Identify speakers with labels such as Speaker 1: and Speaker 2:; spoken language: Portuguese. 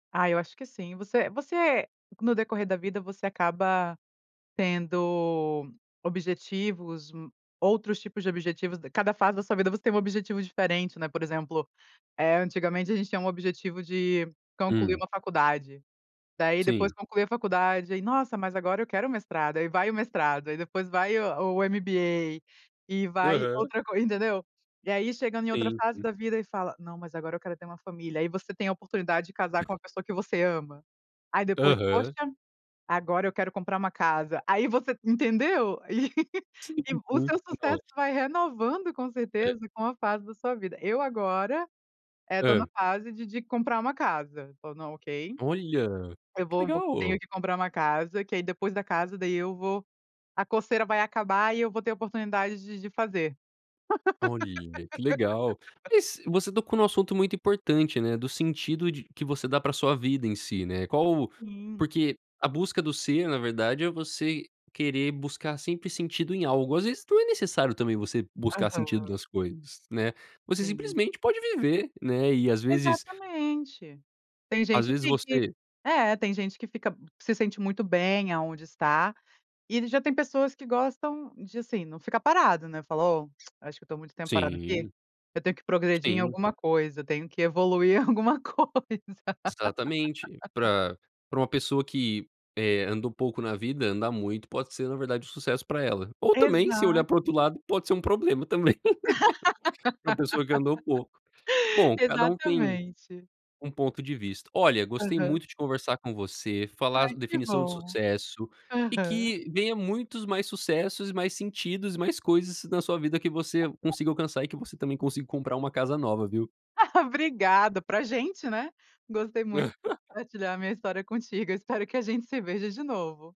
Speaker 1: Ah, eu acho que sim. Você você no decorrer da vida, você acaba tendo objetivos, outros tipos de objetivos, cada fase da sua vida, você tem um objetivo diferente, né. Por exemplo, eh, antigamente a gente tinha um objetivo de concluir
Speaker 2: Hum.
Speaker 1: uma faculdade, daí depois
Speaker 2: Sim.
Speaker 1: conclui a faculdade, aí "Nossa, mas agora eu quero mestrado", aí vai o mestrado, aí depois vai o o MBA, e vai
Speaker 2: Aham.
Speaker 1: outra co entendeu. E aí chegando em outra
Speaker 2: Sim,
Speaker 1: fase
Speaker 2: sim.
Speaker 1: da vida e fala: "Não, mas agora eu quero ter uma família", aí você tem a oportunidade de casar com uma pessoa que você ama. Aí depois, "Poxa,
Speaker 2: Aham.
Speaker 1: agora eu quero comprar uma casa", aí você entendeu?
Speaker 2: Sim,
Speaker 1: e o
Speaker 2: uhum
Speaker 1: seu sucesso
Speaker 2: pronto.
Speaker 1: vai renovando com
Speaker 2: É.
Speaker 1: certeza com a fase da sua vida. Eu agora, eh, estou na
Speaker 2: Hã.
Speaker 1: fase de de comprar uma casa o na ok.
Speaker 2: Olha
Speaker 1: Eu
Speaker 2: que
Speaker 1: vou vou tenho
Speaker 2: legal.
Speaker 1: que comprar uma casa, que aí depois da casa, daí eu vou a coceira vai acabar e eu vou ter a oportunidade de de fazer.
Speaker 2: Olha, que legal. Mas você tocou em um assunto muito importante, né, do sentido de que você dá para sua vida em si, né, qual
Speaker 1: Hum.
Speaker 2: porque, a busca do ser na verdade é, você querer buscar sempre sentido em algo, às vezes, não é necessário também, você buscar
Speaker 1: Aham.
Speaker 2: sentido nas coisas, né, você
Speaker 1: Sim.
Speaker 2: simplesmente pode viver, né, e às vezes
Speaker 1: Exatamente. Tem
Speaker 2: às
Speaker 1: gente
Speaker 2: vezes
Speaker 1: que que
Speaker 2: você
Speaker 1: é, tem gente que fica, se sente muito bem aonde está, e já tem pessoas que gostam de, assim, não ficar parado, né, fala "Ó, acho que eu estou muito tempo parado aqui,
Speaker 2: Sim.
Speaker 1: eu tenho que progredir em
Speaker 2: Sim.
Speaker 1: alguma coisa, eu tenho que evoluir em alguma coisa".
Speaker 2: Exatamente, para para uma pessoa que, eh, andou pouco na vida, andar muito, pode ser na verdade o sucesso para ela, ou também se
Speaker 1: Exato.
Speaker 2: olhar para o outro lado, pode ser um problema também. Para uma pessoa que andou pouco, bom, cada um tem
Speaker 1: Exatamente.
Speaker 2: um ponto de vista. Olha, gostei
Speaker 1: Aham.
Speaker 2: muito de conversar com você, falar
Speaker 1: Ai que
Speaker 2: definição de
Speaker 1: bom,
Speaker 2: sucesso, e
Speaker 1: aham.
Speaker 2: que venha muitos mais sucessos, e mais sentidos e mais coisas na sua vida, que você consiga
Speaker 1: [unintelligible]
Speaker 2: alcançar e que você também consiga comprar uma casa nova, viu.
Speaker 1: Obrigada, para gente, né, gostei muito, compartilhar minha história contigo, eu espero que a gente se veja de novo.